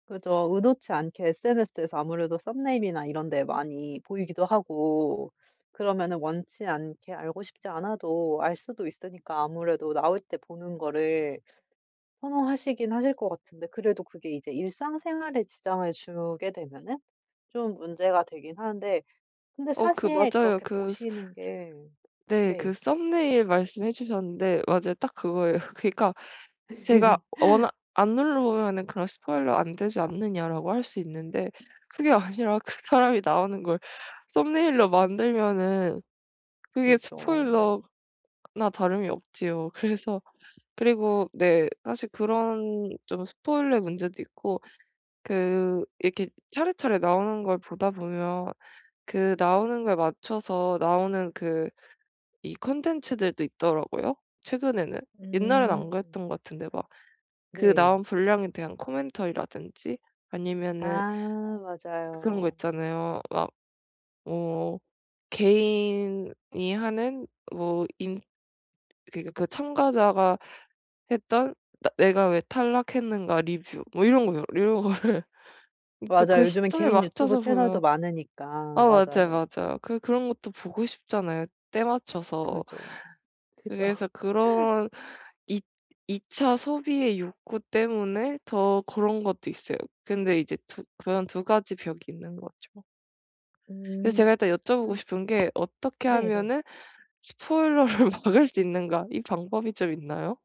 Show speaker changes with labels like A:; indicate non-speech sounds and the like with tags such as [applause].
A: 그죠. 의도치 않게 SNS에서 아무래도 썸네일이나 이런 데 많이 보이기도 하고 그러면은 원치 않게 알고 싶지 않아도 알 수도 있으니까 아무래도 나오실 때 보는 거를 선호하시긴 하실 것 같은데 그래도 그게 이제 일상생활에 지장을 주게 되면은 좀 문제가 되긴 하는데 근데
B: 어 그
A: 사실
B: 맞아요.
A: 그렇게
B: 그 스 스
A: 보시는 게
B: 네.
A: 네.
B: 그 썸네일 말씀해 주셨는데 맞아요. 딱 그거예요. 그러니까 제가 워낙
A: [laughs]
B: "안 눌러보면은 그런 스포일러 안 되지 않느냐?"라고 할 수 있는데 그게 아니라 그 사람이 나오는걸 썸네일로 만들면은 그게
A: 그죠.
B: 스포일러 나 다름이 없지요. 그래서 그리고 네 사실 그런 좀 스포일러의 문제도 있고 그 이렇게 차례차례 나오는 걸 보다 보면 그 나오는 거에 맞춰서 나오는 그 이 컨텐츠들도 있더라고요, 최근에는. 옛날엔 안
A: 음.
B: 그랬던 것 같은데 막 그
A: 네.
B: 나온 분량에 대한 코멘터리라든지 아니면은
A: 아
B: 그런 거
A: 맞아요.
B: 있잖아요. 막 뭐 개인이 하는 뭐 인 그러니까 그 참가자가 했던 '나 내가 왜 탈락했는가 리뷰.' 뭐 이런 거요. 이런 거를 이 또 그
A: 맞아요. 요즘엔
B: 시점에
A: 개인 유튜브
B: 맞춰서
A: 채널도
B: 보면
A: 많으니까.
B: 아 맞아요,
A: 맞아요.
B: 맞아요. 그 그런 것도 보고 싶잖아요 때맞춰서.
A: 그죠.
B: 그래서
A: 그죠.
B: 그런 이 이차 소비의 욕구 때문에 더 그런 것도 있어요. 근데 이제 두 그런 2 가지 벽이 있는 거죠. 그래서 제가
A: 음.
B: 일단 여쭤보고
A: 근
B: 싶은 게 어떻게
A: 네네.
B: 하면은 스포일러를 막을 수 있는가? 이 방법이 좀 있나요?